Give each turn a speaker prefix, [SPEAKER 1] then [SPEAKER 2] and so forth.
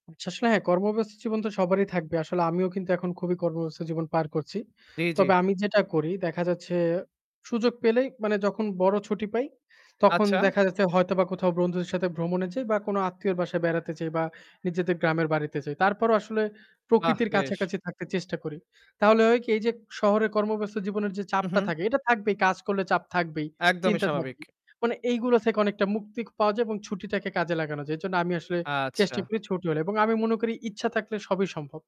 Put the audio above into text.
[SPEAKER 1] আচ্ছা, আসলে হ্যাঁ কর্মব্যস্ত জীবন তো সবারই থাকবে। আসলে আমিও কিন্তু এখন খুবই কর্মব্যস্ত জীবন পার করছি।
[SPEAKER 2] জ্বী, জ্বী।
[SPEAKER 1] তবে আমি যেটা করি দেখা যাচ্ছে সুযোগ পেলেই মানে যখন বড় ছুটি পাই, তখন
[SPEAKER 2] আচ্ছা।
[SPEAKER 1] দেখা যাচ্ছে হয়তোবা কোথাও বন্ধুদের সাথে ভ্রমণে যাই বা কোনো আত্মীয়র বাসায় বেড়াতে যাই বা নিজেদের গ্রামের বাড়িতে যাই। তারপরও আসলে
[SPEAKER 2] বাহ!
[SPEAKER 1] প্রকৃতির
[SPEAKER 2] বেশ।
[SPEAKER 1] কাছাকাছি থাকতে চেষ্টা করি। তাহলে হয় কি? এইযে শহরে কর্মব্যস্ত জীবনের যে
[SPEAKER 2] হু,
[SPEAKER 1] চাপটা
[SPEAKER 2] হু।
[SPEAKER 1] থাকে, এটা থাকবেই, কাজ করলে চাপ থাকবেই,
[SPEAKER 2] একদমই
[SPEAKER 1] চিন্তা
[SPEAKER 2] স্বাভাবিক।
[SPEAKER 1] থাকবেই। মানে এইগুলা থেকে অনেকটা মুক্তি পাওয়া যায় এবং ছুটিটাকে কাজে লাগানো যায়। এর জন্য আমি আসলে চেষ্টা
[SPEAKER 2] আচ্ছা।
[SPEAKER 1] করি ছুটি হলে এবং আমি মনে করি ইচ্ছা থাকলে সবই সম্ভব।